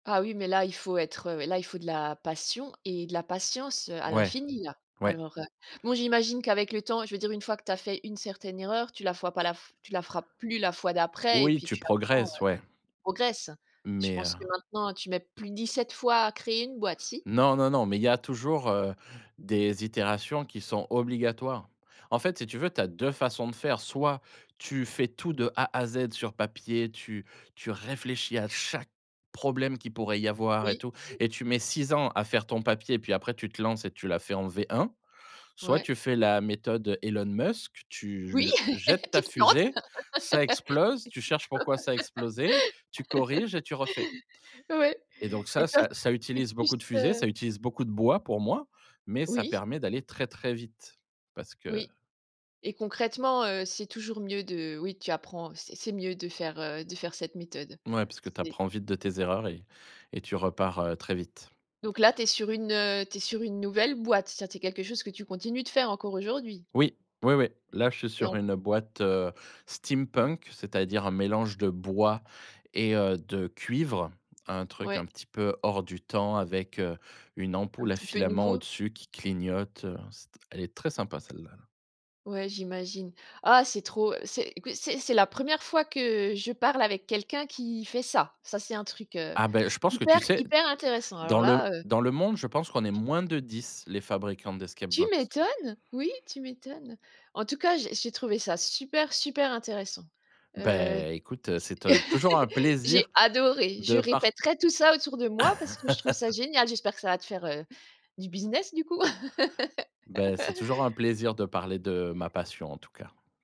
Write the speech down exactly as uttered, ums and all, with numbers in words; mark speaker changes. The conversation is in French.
Speaker 1: Ah, oui, mais là, il faut être, heu, là, il faut de la passion et de la patience, heu, à
Speaker 2: Ouais.
Speaker 1: l'infini, là.
Speaker 2: Ouais.
Speaker 1: Alors, heu, bon, j'imagine qu'avec le temps je veux dire, une fois que tu as fait une certaine erreur, tu la fois pas la f tu la feras plus la fois d'après. Et
Speaker 2: Oui,
Speaker 1: puis
Speaker 2: tu
Speaker 1: tu apprends, heu,
Speaker 2: progresses, ouais.
Speaker 1: progresses. Je
Speaker 2: Mais heu
Speaker 1: pense que maintenant, tu mets plus dix-sept fois à créer une boîte, si?
Speaker 2: Non, non, non, mais il y a toujours, heu, des itérations qui sont obligatoires. En fait, si tu veux, tu as deux façons de faire. Soit tu fais tout, de A à Z sur papier, tu tu réfléchis à chaque problème qu'il pourrait y avoir et
Speaker 1: Oui.
Speaker 2: tout,
Speaker 1: Mmh.
Speaker 2: et tu mets six ans à faire ton papier. Puis après, tu te lances et tu la fais en V1. Soit
Speaker 1: Ouais.
Speaker 2: tu fais la méthode Elon Musk, tu
Speaker 1: Oui!
Speaker 2: l jettes
Speaker 1: Tu
Speaker 2: ta
Speaker 1: te lances!
Speaker 2: fusée, ça explose, tu cherches pourquoi ça a explosé, tu corriges et tu refais
Speaker 1: Ouais,
Speaker 2: et donc
Speaker 1: et
Speaker 2: ça
Speaker 1: toi,
Speaker 2: ça
Speaker 1: c
Speaker 2: ça
Speaker 1: c'est
Speaker 2: utilise
Speaker 1: plus,
Speaker 2: beaucoup de fusées,
Speaker 1: heu
Speaker 2: ça utilise beaucoup de bois, pour moi, mais ça
Speaker 1: Oui.
Speaker 2: permet d'aller très, très vite parce que
Speaker 1: Oui, et concrètement, heu, c'est toujours mieux de oui, tu apprends c’est c'est mieux de faire, heu, de faire cette méthode.
Speaker 2: Ouais, parce que tu
Speaker 1: C’est
Speaker 2: apprends vite de tes erreurs et et tu repars heu, très vite.
Speaker 1: Donc, là, tu es sur une, heu, tu es sur une nouvelle boîte? Ça, c'est quelque chose que tu continues de faire encore aujourd'hui?
Speaker 2: Oui, oui, oui. Là, je suis
Speaker 1: Tu es
Speaker 2: sur
Speaker 1: en
Speaker 2: une boîte, heu, steampunk, c'est-à-dire un mélange de bois et, heu, de cuivre. Un truc,
Speaker 1: Ouais.
Speaker 2: un petit peu, hors du temps avec, heu, une
Speaker 1: Un
Speaker 2: ampoule à
Speaker 1: petit peu
Speaker 2: filament
Speaker 1: nouveau?
Speaker 2: au-dessus qui clignote, heu C’est t elle est très sympa, celle-là, là.
Speaker 1: Ouais, j'imagine. Ah, c'est trop c'est écoute, c'est c'est la première fois que je parle avec quelqu'un qui fait ça. Ça, c'est un truc, heu,
Speaker 2: Ah, beh, je pense que,
Speaker 1: hyper,
Speaker 2: tu sais,
Speaker 1: hyper intéressant! Alors
Speaker 2: dans le
Speaker 1: là, heu
Speaker 2: dans le monde, je pense qu'on est moins de dix, les fabricants d'escape
Speaker 1: Tu
Speaker 2: box.
Speaker 1: m'étonnes! Oui, tu m'étonnes! En-tout-cas, j'ai j'ai trouvé ça super, super intéressant. Heu,
Speaker 2: Beh écoute, c'est
Speaker 1: t
Speaker 2: to toujours un
Speaker 1: j'ai
Speaker 2: plaisir
Speaker 1: adoré, je
Speaker 2: de part
Speaker 1: répéterais tout ça autour de moi parce que je trouve ça génial! J'espère que ça va te faire, heu, du business du coup!
Speaker 2: Bah, c'est toujours un plaisir de parler de ma passion en tout cas.